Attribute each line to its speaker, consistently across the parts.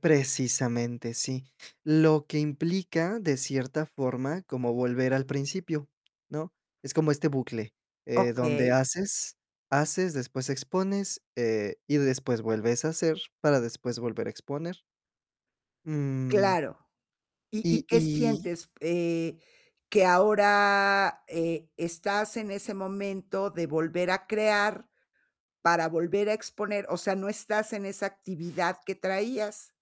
Speaker 1: Precisamente, sí, lo que implica de cierta forma como volver al principio, ¿no?, es como este bucle, eh, donde
Speaker 2: Okey.
Speaker 1: haces haces, después expones, eh, y después vuelves a hacer para después volver a exponer. Mm.
Speaker 2: Claro. ¿Y y
Speaker 1: Y,
Speaker 2: qué
Speaker 1: y.
Speaker 2: sientes, eh, que ahora, eh, estás en ese momento de volver a crear para volver a exponer? O sea, no estás en esa actividad que traías.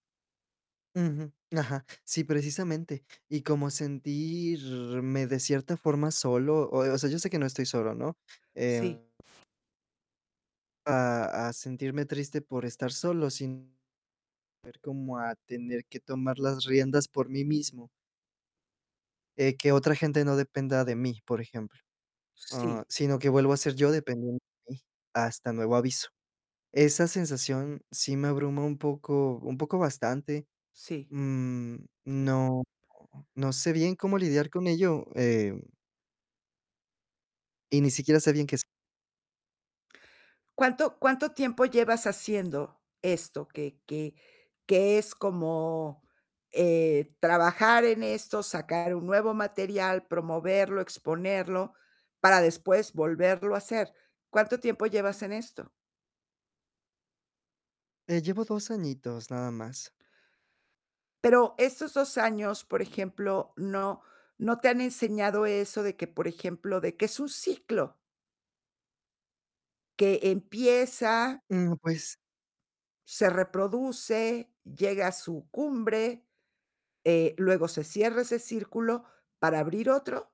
Speaker 1: Ujú, ajá, sí, precisamente, y como sentirme de cierta forma solo, o o sea, yo sé que no estoy solo, ¿no?, eh
Speaker 2: Sí.
Speaker 1: A a sentirme triste por estar solo sin ver cómo a tener que tomar las riendas por mí mismo. Eh, que otra gente no dependa de mí, por ejemplo, ah,
Speaker 2: Sí.
Speaker 1: sino que vuelvo a ser yo dependiendo de mí hasta nuevo aviso. Esa sensación sí me abruma un poco un poco bastante,
Speaker 2: Sí.
Speaker 1: mm, no no sé bien cómo lidiar con ello, eh y ni siquiera sé bien qué es.
Speaker 2: ¿Cuánto cuánto tiempo llevas haciendo esto? Que que que es como, eh, trabajar en esto, sacar un nuevo material, promoverlo, exponerlo para después volverlo a hacer. ¿Cuánto tiempo llevas en esto?
Speaker 1: Eh, llevo 2 añitos nada más.
Speaker 2: Pero estos 2 años, por ejemplo, no no te han enseñado eso de que, por ejemplo, de que es un ciclo que empieza
Speaker 1: Mm, pues.
Speaker 2: se reproduce, llega a su cumbre, eh, luego se cierra ese círculo para abrir otro.